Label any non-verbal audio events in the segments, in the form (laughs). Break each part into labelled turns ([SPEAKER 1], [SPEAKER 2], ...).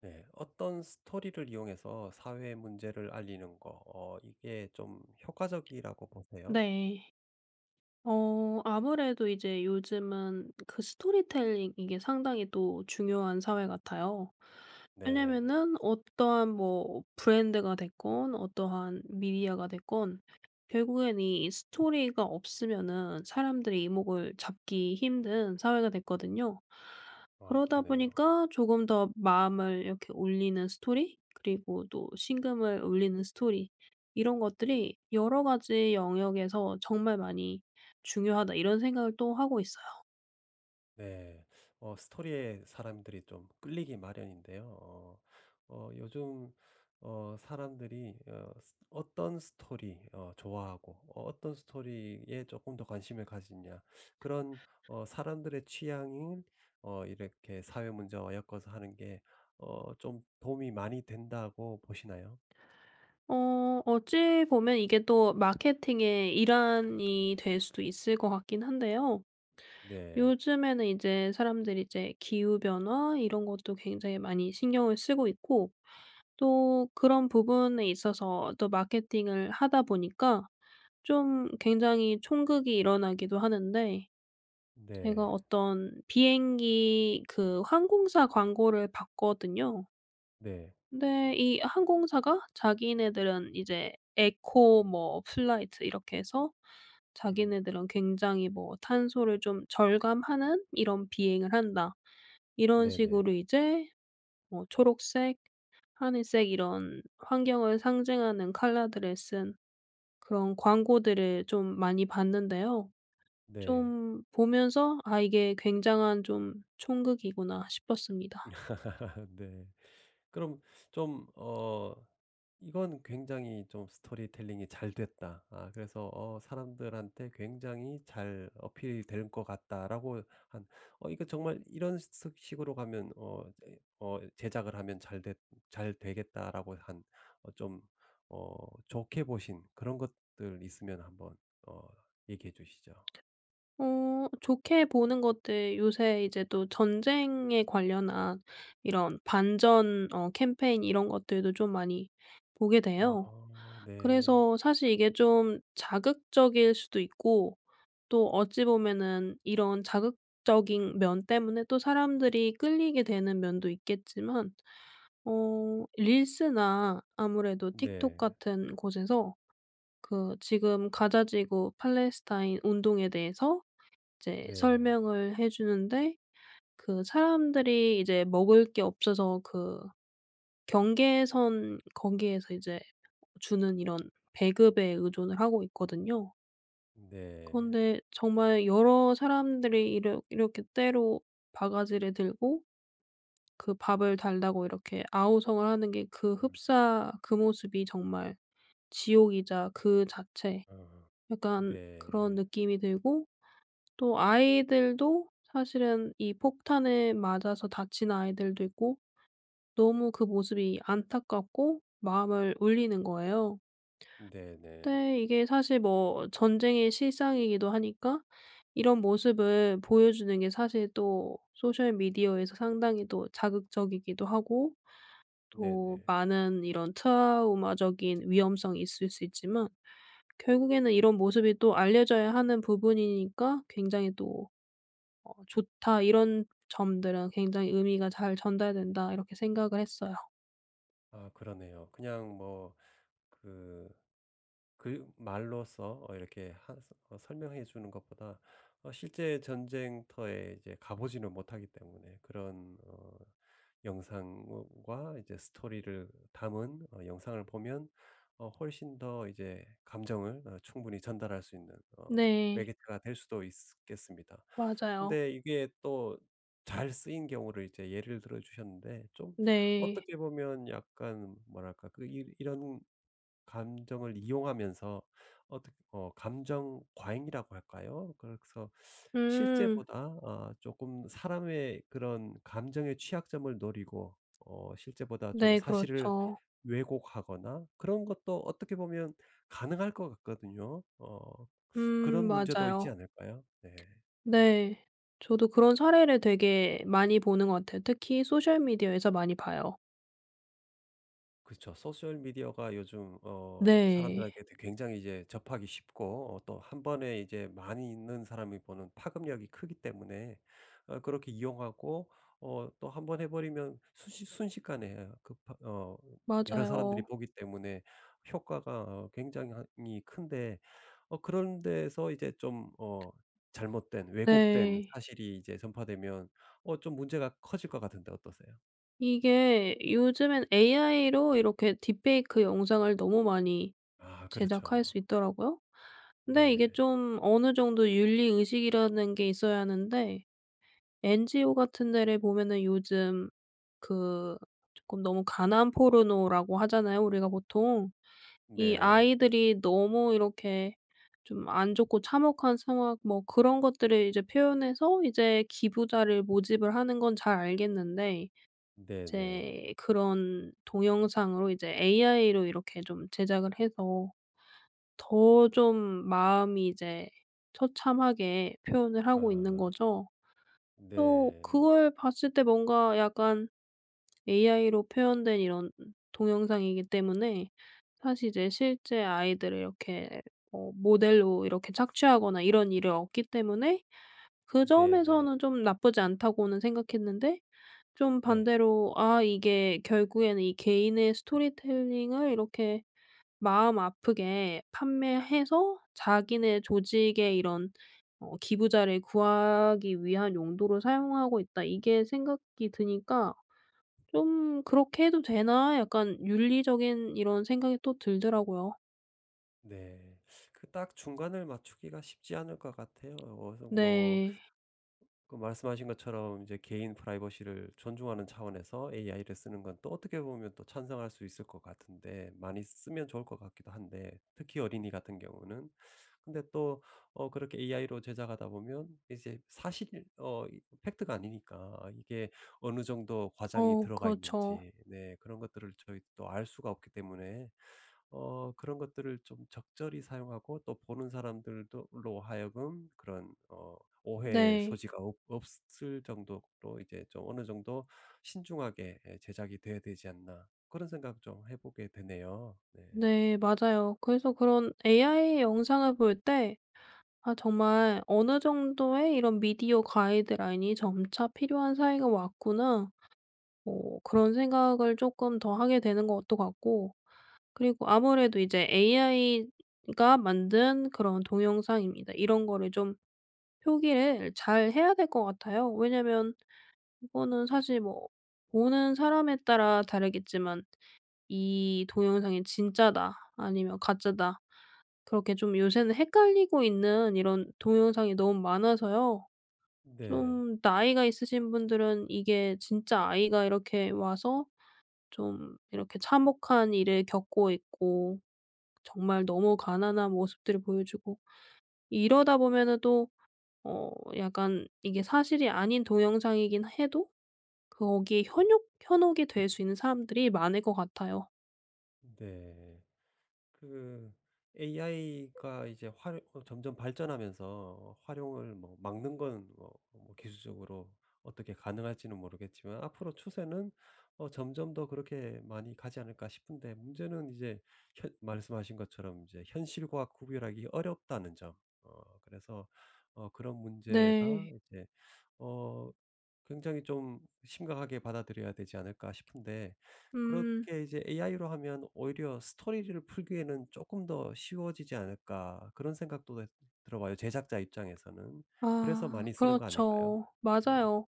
[SPEAKER 1] 네. 어떤 스토리를 이용해서 사회 문제를 알리는 거 어 이게 좀 효과적이라고 보세요?
[SPEAKER 2] 네. 어 아무래도 이제 요즘은 그 스토리텔링 이게 상당히 또 중요한 사회 같아요.
[SPEAKER 1] 네.
[SPEAKER 2] 왜냐하면은 어떠한 뭐 브랜드가 됐건 어떠한 미디어가 됐건 결국엔 이 스토리가 없으면은 사람들의 이목을 잡기 힘든 사회가 됐거든요.
[SPEAKER 1] 아.
[SPEAKER 2] 그러다
[SPEAKER 1] 그러네요.
[SPEAKER 2] 보니까 조금 더 마음을 이렇게 울리는 스토리 그리고 또 심금을 울리는 스토리 '이런 것들이 여러 가지 영역에서 정말 많이 중요하다.' 이런 생각을 또 하고 있어요.
[SPEAKER 1] 네. 어 스토리에 사람들이 좀 끌리기 마련인데요. 어 어 요즘 어 사람들이 어 스 어떤 스토리 어 좋아하고 어 어떤 스토리에 쪼끔 더 관심을 가지느냐. 그런 어 사람들의 취향이 어 이렇게 사회 문제와 엮어서 하는 게 어 좀 도움이 많이 된다고 보시나요?
[SPEAKER 2] 어. 어찌 보면 이게 또 마케팅의 일환이 될 수도 있을 것 같긴 한데요.
[SPEAKER 1] 네.
[SPEAKER 2] 요즘에는 이제 사람들이 이제 기후 변화 이런 것도 굉장히 많이 신경을 쓰고 있고 또 그런 부분에 있어서 또 마케팅을 하다 보니까 좀 굉장히 촌극이 일어나기도 하는데 제가
[SPEAKER 1] 네.
[SPEAKER 2] 어떤 비행기 그 항공사 광고를 봤거든요.
[SPEAKER 1] 네.
[SPEAKER 2] 근데 이 항공사가 자기네들은 이제 에코 뭐 플라이트 이렇게 해서
[SPEAKER 1] 음.
[SPEAKER 2] 자기네들은 굉장히 뭐 '탄소를 좀 절감하는 이런 비행을 한다.' 이런
[SPEAKER 1] 네네.
[SPEAKER 2] 식으로 이제 뭐 초록색 ,하늘색 이런 환경을 상징하는 컬러들을 쓴 그런 광고들을 좀 많이 봤는데요.
[SPEAKER 1] 네.
[SPEAKER 2] 좀 보면서 '아. 이게 굉장한 좀 촌극이구나.' 싶었습니다.
[SPEAKER 1] (laughs) 네. 그럼 좀 어 '이건 굉장히 좀 스토리텔링이 잘 됐다. 아 그래서 어 사람들한테 굉장히 잘 어필이 될 것 같다.'라고 한 '어 이거 정말 이런 석 식으로 가면 어 이제 어 제작을 하면 잘 됐 잘 되겠다.'라고 한 어 좀 어 좋게 보신 그런 것들 있으면 한번 어 얘기해 주시죠.
[SPEAKER 2] 어. 좋게 보는 것들 요새 이제 또 전쟁에 관련한 이런 반전 어 캠페인 이런 것들도 좀 많이 보게
[SPEAKER 1] 아
[SPEAKER 2] 돼요.
[SPEAKER 1] 네.
[SPEAKER 2] 그래서 사실 이게 좀 자극적일 수도 있고 또 어찌 보면은 이런 자극적인 면 때문에 또 사람들이 끌리게 되는 면도 있겠지만 어 릴스나 아무래도 틱톡
[SPEAKER 1] 네.
[SPEAKER 2] 같은 곳에서 그 지금 가자 지구 팔레스타인 운동에 대해서 이제
[SPEAKER 1] 네.
[SPEAKER 2] 설명을 해 주는데 그 사람들이 이제 먹을 게 없어서 그 경계선 거기에서 이제 주는 이런 배급에 의존을 하고 있거든요.
[SPEAKER 1] 네.
[SPEAKER 2] 그런데 정말 여러 사람들이 이러 이렇게 떼로 바가지를 들고 그 밥을 달라고 이렇게 아우성을 하는 게 그
[SPEAKER 1] 음.
[SPEAKER 2] 흡사 그 모습이 정말 지옥이자 그 자체
[SPEAKER 1] 어
[SPEAKER 2] 약간 그런
[SPEAKER 1] 네.
[SPEAKER 2] 느낌이 들고 또 아이들도 사실은 이 폭탄에 맞아서 다치는 아이들도 있고 너무 그 모습이 안타깝고 마음을 울리는 거예요.
[SPEAKER 1] 네네.
[SPEAKER 2] 근데 이게 사실 뭐 전쟁의 실상이기도 하니까 이런 모습을 보여주는 게 사실 또 소셜 미디어에서 상당히 또 자극적이기도 하고 또
[SPEAKER 1] 네네.
[SPEAKER 2] 많은 이런 트라우마적인 위험성이 있을 수 있지만 결국에는 이런 모습이 또 알려져야 하는 부분이니까 굉장히 또 '어 좋다. 이런 점들은 굉장히 의미가 잘 전달된다.' 이렇게 생각을 했어요.
[SPEAKER 1] 아. 그러네요. 그냥 뭐 그 글 말로써 어 이렇게 하서 설명해 주는 것보다 어 실제 전쟁터에 이제 가 보지는 못하기 때문에 그런 어 영상 뭔 과 이제 스토리를 담은 어 영상을 보면 어 훨씬 더 이제 감정을 어 충분히 전달할 수 있는 어
[SPEAKER 2] 네.
[SPEAKER 1] 매개체가 될 수도 있쓰 겠습니다.
[SPEAKER 2] 맞아요.
[SPEAKER 1] 근데 이게 또 잘 쓰인 경우를 이제 예를 들어주셨는데 좀
[SPEAKER 2] 네.
[SPEAKER 1] 어떻게 보면 약간 뭐랄까 그 이 이런 감정을 이용하면서 어떻 어 감정 과잉이라고 할까요? 그래서
[SPEAKER 2] 음.
[SPEAKER 1] 실제보다 어 쪼끔 사람의 그런 감정의 취약점을 노리고 어 실제보다 좀
[SPEAKER 2] 네.
[SPEAKER 1] 사실을
[SPEAKER 2] 그렇죠.
[SPEAKER 1] 왜곡하거나 그런 것도 어떻게 보면 가능할 것 같거든요. 어 그런
[SPEAKER 2] 음.
[SPEAKER 1] 문제도 있지
[SPEAKER 2] 맞아요.
[SPEAKER 1] 않을까요? 네.
[SPEAKER 2] 네. 저도 그런 사례를 되게 많이 보는 것 같아요. 특히 소셜 미디어에서 많이 봐요.
[SPEAKER 1] 그렇죠. 소셜 미디어가 요즘 어
[SPEAKER 2] 네.
[SPEAKER 1] 사람들에게도 굉장히 이제 접하기 쉽고 어 또 1 번에 이제 많이 있는 사람이 보는 파급력이 크기 때문에 어 그렇게 이용하고 어 또 1 번 해 버리면 순시 순식간에 어 그 파 어 여러 사람들이
[SPEAKER 2] 맞아요.
[SPEAKER 1] 보기 때문에 효과가 어 굉장이 한 히 큰데 어 그런 데서 이제 좀 어 잘못된 왜곡된
[SPEAKER 2] 네.
[SPEAKER 1] 사실이 이제 전파되면 어 좀 문제가 커질 것 같은데 어떠세요?
[SPEAKER 2] 이게 요즘엔 AI로 이렇게 딥 페이크 영상을 너무 많이
[SPEAKER 1] 아.
[SPEAKER 2] 제작할
[SPEAKER 1] 그렇죠.
[SPEAKER 2] 수 있더라고요. 근데
[SPEAKER 1] 네.
[SPEAKER 2] 이게 좀 어느 정도의 윤리 의식이라는 게 있어야 하는데 NGO 같은 데를 보면은 요즘 그 쪼끔 너무 가난 포르노라고 하잖아요 우리가 보통. 이
[SPEAKER 1] 네.
[SPEAKER 2] 아이들이 너무 이렇게 좀 안 좋고 참혹한 상황 뭐 그런 것들을 이제 표현해서 이제 기부자를 모집을 하는 건 잘 알겠는데
[SPEAKER 1] 네네.
[SPEAKER 2] 이제 그런 동영상으로 이제 AI로 이렇게 좀 제작을 해서 더 좀 마음이 이제 처참하게 표현을 하고 있는
[SPEAKER 1] 아.
[SPEAKER 2] 거죠. 또
[SPEAKER 1] 네.
[SPEAKER 2] 그걸 봤을 때 뭔가 약간 AI로 표현된 이런 동영상이기 때문에 사실 이제 실제 아이들을 이렇게 뭐 모델로 이렇게 착취하거나 이런 일이 없기 때문에 그
[SPEAKER 1] 네네.
[SPEAKER 2] 점에서는 좀 나쁘지 않다고는 생각했는데 좀
[SPEAKER 1] 네.
[SPEAKER 2] 반대로 '아. 이게 결국에는 이 개인의 스토리텔링을 이렇게 마음 아프게 판매해서 자기네 조직의 이런 어 기부자를 구하기 위한 용도로 사용하고 있다.' 이게 생각이 드니까 좀 '그렇게 해도 되나?' 약간 윤리적인 이런 생각이 또 들더라고요.
[SPEAKER 1] 네. 그 딱 중간을 맞추기가 쉽지 않을 것 같아요. 어 어서 뭐
[SPEAKER 2] 네.
[SPEAKER 1] 그 말씀하신 것처럼 이제 개인 프라이버시를 존중하는 차원에서 AI를 쓰는 건 또 어떻게 보면 또 찬성할 수 있을 것 같은데 많이 쓰면 좋을 것 같기도 한데, 특히 어린이 같은 경우는. 근데 또 어 그렇게 AI로 제작하다 보면 이제 사실 어 팩트가 아니니까 아 이게 어느 정도 과장이
[SPEAKER 2] 어.
[SPEAKER 1] 들어가
[SPEAKER 2] 그렇죠.
[SPEAKER 1] 있는지 네 그런 것들을 저희 또 알 수가 없기 때문에 어 그런 것들을 좀 적절히 사용하고 또 보는 사람들도 로 하여금 그런 어 오해의
[SPEAKER 2] 네.
[SPEAKER 1] 소지가 없 없을 정도로 이제 좀 '어느 정도 신중하게 예 제작이 돼야 되지 않나.' 그런 생각 좀 해 보게 되네요. 네.
[SPEAKER 2] 네. 맞아요. 그래서 그런 AI 영상을 볼 때 '아. 정말 어느 정도의 이런 미디어 가이드라인이 점차 필요한 사회가 왔구나.' 어 그런 생각을 쪼끔 더 하게 되는 것도 같고 그리고 아무래도 이제 'AI가 만든 그런 동영상입니다.' 이런 거를 좀 표기를 잘 해야 될 것 같아요. 왜냐하면 이거는 사실 뭐 보는 사람에 따라 다르겠지만 이 동영상이 진짜다 아니면 가짜다 그렇게 좀 요새는 헷갈리고 있는 이런 동영상이 너무 많아서요.
[SPEAKER 1] 네.
[SPEAKER 2] 좀 나이가 있으신 분들은 이게 진짜 아이가 이렇게 와서 좀 이렇게 참혹한 일을 겪고 있고 정말 너무 가난한 모습들을 보여주고 이러다 보면은 또 어 약간 이게 사실이 아닌 동영상이긴 해도 거기에 현욕 현혹이 될 수 있는 사람들이 많을 것 같아요.
[SPEAKER 1] 네. 그 AI가 이제 활 어 점점 발전하면서 활용을 뭐 막는 건 뭐 뭐 기술적으로 어떻게 가능할지는 모르겠지만 앞으로 추세는 어 점점 더 그렇게 많이 가지 않을까 싶은데 문제는 이제 현 말씀하신 것처럼 이제 현실과 구별하기 어렵다는 점. 어 그래서 어 그런 문제가
[SPEAKER 2] 네.
[SPEAKER 1] 이제 어 굉장히 좀 심각하게 받아들여야 되지 않을까 싶은데
[SPEAKER 2] 음.
[SPEAKER 1] 그렇게 이제 AI로 하면 오히려 스토리를 풀기에는 쪼끔 더 쉬워지지 않을까 그런 생각도 왜 들어봐요 제작자 입장에서는. 그래서
[SPEAKER 2] 아.
[SPEAKER 1] 많이 쓰는 거 아닐까요?
[SPEAKER 2] 그렇죠.
[SPEAKER 1] 네.
[SPEAKER 2] 맞아요.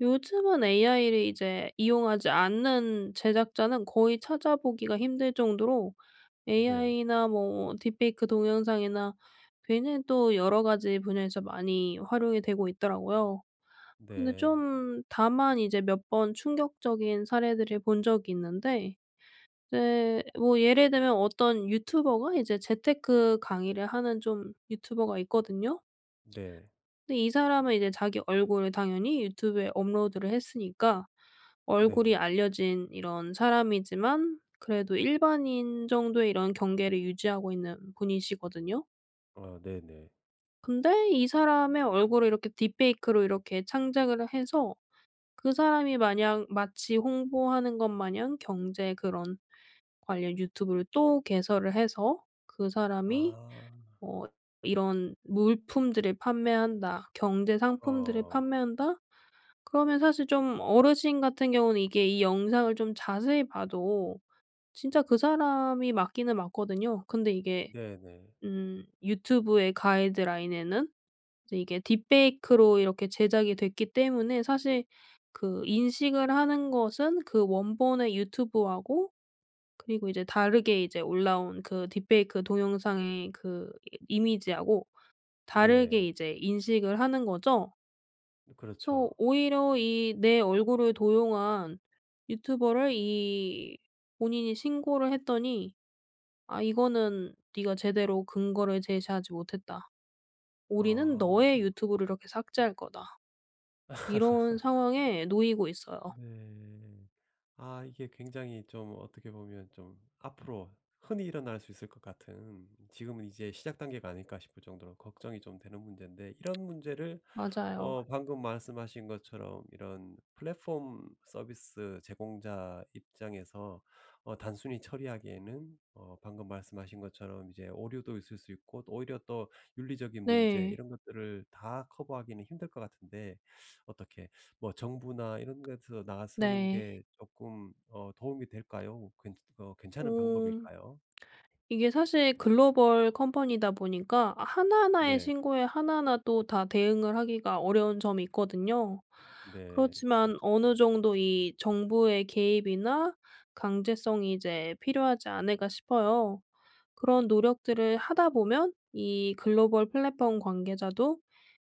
[SPEAKER 2] 요즘은 AI를 이제 이용하지 않는 제작자는 거의 찾아보기가 힘들 정도로
[SPEAKER 1] 네.
[SPEAKER 2] AI나 뭐 딥페이크 동영상이나 뷔는 또 여러 가지 분야에서 많이 활용이 되고 있더라고요. 근데
[SPEAKER 1] 네.
[SPEAKER 2] 좀 다만 이제 몇 번 충격적인 사례들을 본 적이 있는데 이제 뭐 예를 들면 어떤 유튜버가 이제 재테크 강의를 하는 좀 유튜버가 있거든요.
[SPEAKER 1] 네.
[SPEAKER 2] 근데 이 사람은 이제 자기 얼굴을 당연히 유튜브에 업로드를 했으니까 얼굴이
[SPEAKER 1] 네네.
[SPEAKER 2] 알려진 이런 사람이지만 그래도 일반인 정도의 이런 경계를 유지하고 있는 분이시거든요.
[SPEAKER 1] 아 네네.
[SPEAKER 2] 근데 이 사람의 얼굴을 이렇게 딥페이크로 이렇게 창작을 해서 그 사람이 마냥 마치 홍보하는 것 마냥 경제 그런 관련 유튜브를 또 개설을 해서 그 사람이
[SPEAKER 1] 아.
[SPEAKER 2] 어 이런 물품들을 판매한다. 경제 상품들을
[SPEAKER 1] 어.
[SPEAKER 2] 판매한다. 그러면 사실 좀 어르신 같은 경우는 이게 이 영상을 좀 자세히 봐도 진짜 그 사람이 맞기는 맞거든요. 근데 이게
[SPEAKER 1] 네네.
[SPEAKER 2] 음 유튜브의 가이드라인에는 이제 이게 딥페이크로 이렇게 제작이 됐기 때문에 사실 그 인식을 하는 것은 그 원본의 유튜브하고 그리고 이제 다르게 이제 올라온 그 딥페이크 동영상의 그 이 이미지하고 다르게
[SPEAKER 1] 네.
[SPEAKER 2] 이제 인식을 하는 거죠. 그래서
[SPEAKER 1] 그렇죠.
[SPEAKER 2] 오히려 이 내 얼굴을 도용한 유튜버를 이 본인이 신고를 했더니 아 이거는 네가 제대로 근거를 제시하지 못했다. 우리는
[SPEAKER 1] 아.
[SPEAKER 2] 너의 유튜브를 이렇게 삭제할 거다. 이런
[SPEAKER 1] (laughs)
[SPEAKER 2] 상황에 놓이고 있어요.
[SPEAKER 1] 네. 아 이게 굉장히 좀 어떻게 보면 좀 앞으로 흔히 일어날 수 있을 것 같은 지금은 이제 시작 단계가 아닐까 싶을 정도로 걱정이 좀 되는 문제인데 이런 문제를
[SPEAKER 2] 맞아요.
[SPEAKER 1] 어 방금 말씀하신 것처럼 이런 플랫폼 서비스 제공자 입장에서 어 단순히 처리하기에는 어 방금 말씀하신 것처럼 이제 오류도 있을 수 있고 또 오히려 또 윤리적인 문제
[SPEAKER 2] 네.
[SPEAKER 1] 이런 것들을 다 커버하기는 힘들 것 같은데. 어떻게 뭐 정부나 이런 데서 나서는
[SPEAKER 2] 네.
[SPEAKER 1] 게 쪼끔 어 도움이 될까요? 어 괜 어 괜찮은
[SPEAKER 2] 어.
[SPEAKER 1] 방법일까요?
[SPEAKER 2] 이게 사실 글로벌 컴퍼니다 보니까 하나하나의
[SPEAKER 1] 네.
[SPEAKER 2] 신고에 하나하나 또 다 대응을 하기가 어려운 점이 있거든요.
[SPEAKER 1] 네.
[SPEAKER 2] 그렇지만 어느 정도 이 정부의 개입이나 강제성이 이제 필요하지 않을까 싶어요. 그런 노력들을 하다 보면 이 글로벌 플랫폼 관계자도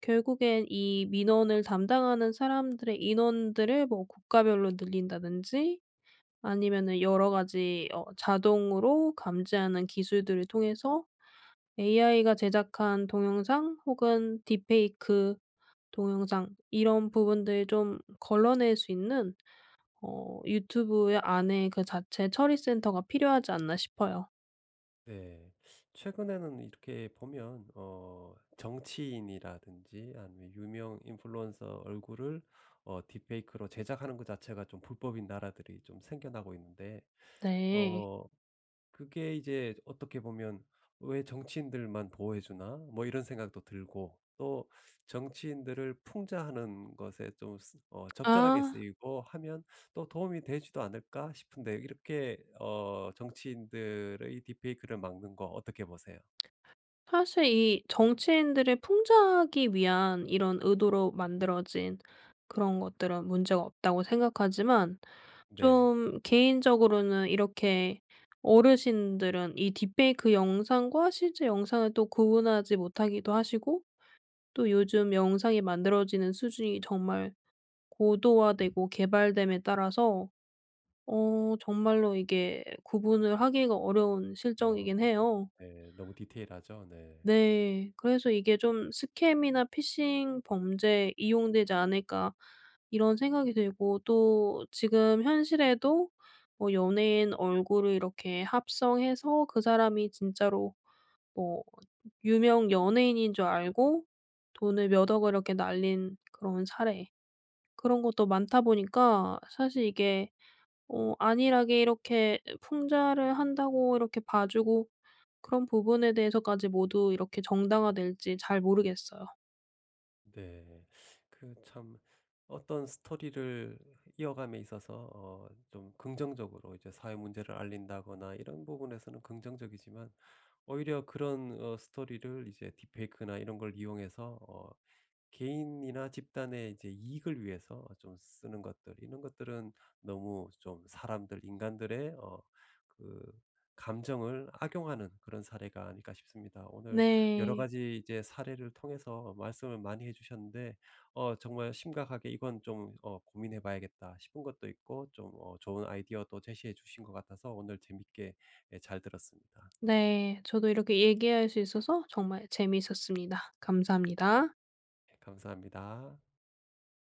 [SPEAKER 2] 결국엔 이 민원을 담당하는 사람들의 인원들을 뭐 국가별로 늘린다든지 아니면은 여러 가지 어 자동으로 감지하는 기술들을 통해서 AI가 제작한 동영상 혹은 딥페이크 동영상 이런 부분들을 좀 걸러낼 수 있는 어 유튜브의 안에 그 자체 처리 센터가 필요하지 않나 싶어요.
[SPEAKER 1] 네. 최근에는 이렇게 보면 어 정치인이라든지 아니면 유명 인플루언서 얼굴을 어 딥페이크로 제작하는 것 자체가 좀 불법인 나라들이 좀 생겨나고 있는데
[SPEAKER 2] 네.
[SPEAKER 1] 어 그게 이제 어떻게 보면 '왜 정치인들만 보호해 주나?' 뭐 이런 생각도 들고 또 정치인들을 풍자하는 것에 좀 쓰 어 적절하게
[SPEAKER 2] 아.
[SPEAKER 1] 쓰이고 하면 또 '도움이 되지도 않을까?' 싶은데 이렇게 어 정치인들의 딥페이크를 막는 거 어떻게 보세요?
[SPEAKER 2] 사실 이 정치인들을 풍자하기 위한 이런 의도로 만들어진 그런 것들은 문제가 없다고 생각하지만
[SPEAKER 1] 네.
[SPEAKER 2] 좀 개인적으로는 이렇게 어르신들은 이 딥페이크 영상과 실제 영상을 또 구분하지 못하기도 하시고 또 요즘 영상이 만들어지는 수준이 정말 고도화되고 개발됨에 따라서 어 정말로 이게 구분을 하기가 어려운
[SPEAKER 1] 어.
[SPEAKER 2] 실정이긴 해요.
[SPEAKER 1] 네. 너무 디테일하죠? 네.
[SPEAKER 2] 네. 그래서 이게 좀 '스캠이나 피싱 범죄에 이용되지 않을까?' 이런 생각이 들고 또 지금 현실에도 뭐 연예인 얼굴을 이렇게 합성해서 그 사람이 진짜로 뭐 유명 연예인인 줄 알고 돈을 몇 억을 이렇게 날린 그런 사례 그런 것도 많다 보니까 사실 이게 어 안일하게 이렇게 풍자를 한다고 이렇게 봐 주고 그런 부분에 대해서까지 모두 이렇게 정당화될지 잘 모르겠어요.
[SPEAKER 1] 네. 그 참 어떤 스토리를 이어감에 있어서 어 좀 긍정적으로 이제 사회 문제를 알린다거나 이런 부분에서는 긍정적이지만 오히려 그런 어 스토리를 이제 딥페이크나 이런 걸 이용해서 어 개인이나 집단의 이제 이익을 위해서 좀 쓰는 것들 이런 것들은 너무 좀 사람들 인간들의 어 그 감정을 악용하는 그런 사례가 아닐까 싶습니다. 오늘 여러
[SPEAKER 2] 네.
[SPEAKER 1] 가지 이제 사례를 통해서 말씀을 많이 해 주셨는데 어 정말 심각하게 '이건 좀 어 고민해 봐야겠다.' 싶은 것도 있고 좀 어 좋은 아이디어도 제시해 주신 것 같아서 오늘 재밌게 예 잘 들었습니다.
[SPEAKER 2] 네. 저도 이렇게 얘기할 수 있어서 정말 재미있었습니다. 감사합니다.
[SPEAKER 1] 예, 감사합니다.